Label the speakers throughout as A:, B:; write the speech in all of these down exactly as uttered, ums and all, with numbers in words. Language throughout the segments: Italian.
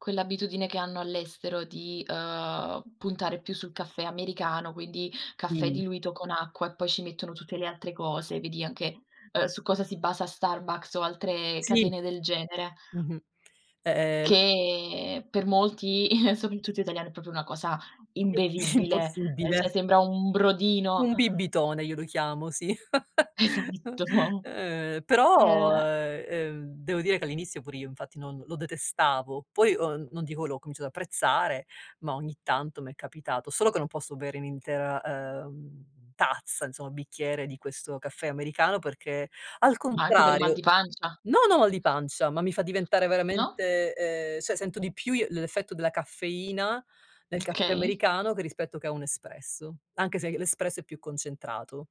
A: Quell'abitudine che hanno all'estero di, ehm, puntare più sul caffè americano, quindi, caffè
B: Mh-mh.
A: diluito con acqua e poi ci mettono tutte le altre cose, vedi anche, ehm, su cosa si basa Starbucks o altre
B: Si.
A: catene del genere.
B: Mh-mh. Ehm
A: Che per molti, soprattutto italiani, è propio una cosa imbevibile, eh
B: Impossibile.
A: cioè sembra un brodino.
B: Un bibitone io lo chiamo, sì.
A: Esatto.
B: Però,
A: Eh.
B: eh, ehm, devo dire che, all'inizio, pure io, infatti, non lo detestavo. Poi, ehm, non dico l'ho cominciato ad apprezzare, ma ogni tanto m'è capitato. Solo che non posso bere un'intera ehm, tazza, insomma, bicchiere di questo caffè americano perché, al
A: Ma anche per i mal
B: contrario,
A: di pancia.
B: non ho mal di pancia, ma mi fa diventare,
A: No?
B: ehm, cioè, sento di più l'effetto della caffeina nel caffè
A: Okay.
B: americano che rispetto che a un espresso, anche se l'espresso è più concentrato.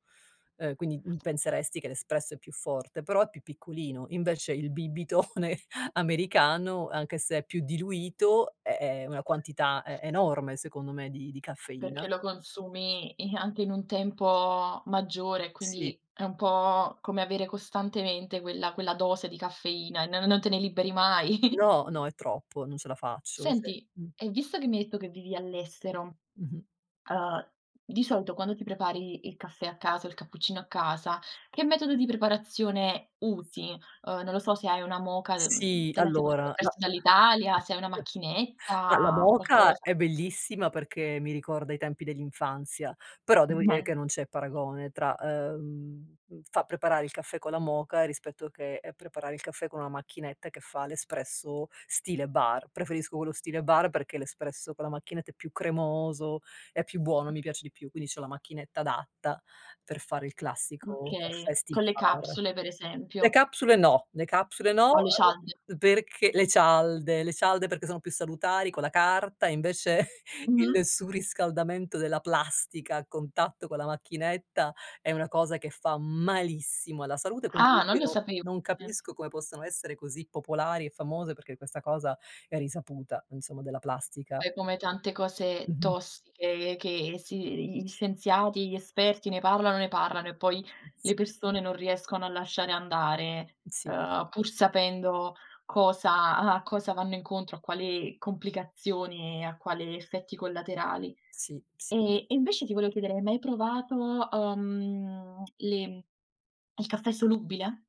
B: Ehm, quindi, uhm penseresti che l'espresso è più forte, però è più piccolino. Invece, il bibitone americano, anche se è più diluito, è è una quantità e enorme, secondo me, di di
A: Perché
B: caffeina.
A: lo consumi, i anche in un tempo maggiore, e
B: Sì.
A: quindi, è un po' come avere costantemente quella quella dose di caffeina, n non te ne liberi mai.
B: No, no, è troppo. Non ce la faccio, si,
A: Senti,
B: uhm.
A: e visto che mi hai detto che vivi all'estero,
B: Mh-mh.
A: ehm, di solito, quando ti prepari il caffè a casa o il cappuccino a casa, che metodo di preparazione usi? Ehm, non lo so, se hai una moka, uhm
B: Sì,
A: te la sei portata
B: allora,
A: appresso
B: no,
A: dall'Italia, se hai una
B: ma la
A: macchinetta,
B: moka
A: qualcosa.
B: è bellissima perché mi ricorda i tempi dell'infanzia, però, devo dire
A: Meh.
B: che non c'è paragone tra, ehm, far preparare il caffè con la moka rispetto che e preparare il caffè con una macchinetta che fa l'espresso stile bar. Preferisco quello stile bar perché l'espresso con la macchinetta è più cremoso, è più buono, mi piace di più. Quindi, c'ho la macchinetta adatta per fare il classico
A: Okay,
B: Festi
A: con le
B: Bar.
A: capsule, per
B: Le
A: esempio.
B: capsule no, le capsule
A: O
B: no,
A: le cialde.
B: perché le cialde, le cialde, perché sono più salutari con la carta, invece
A: Mh-mh.
B: il surriscaldamento della plastica a contatto con la macchinetta è una cosa che fa malissimo alla salute, quindi,
A: Ah, non
B: io
A: lo
B: non
A: sapevo,
B: non
A: eh.
B: capisco come possano essere così popolari e famose perché questa cosa è risaputa, insomma, della plastica.
A: Eh, come tante cose
B: Mh-mh.
A: tossiche che si gli scienziati, gli esperti ne parlano, ne parlano e poi le
B: Sì.
A: persone non riescono a lasciare andare,
B: Si.
A: ehm, pur sapendo cosa a cosa vanno incontro, a quale complicazione e a quale effetti collaterali.
B: Si, sì.
A: E e, invece, ti volevo chiedere: hai mai provato, uhm, le il caffè solubile?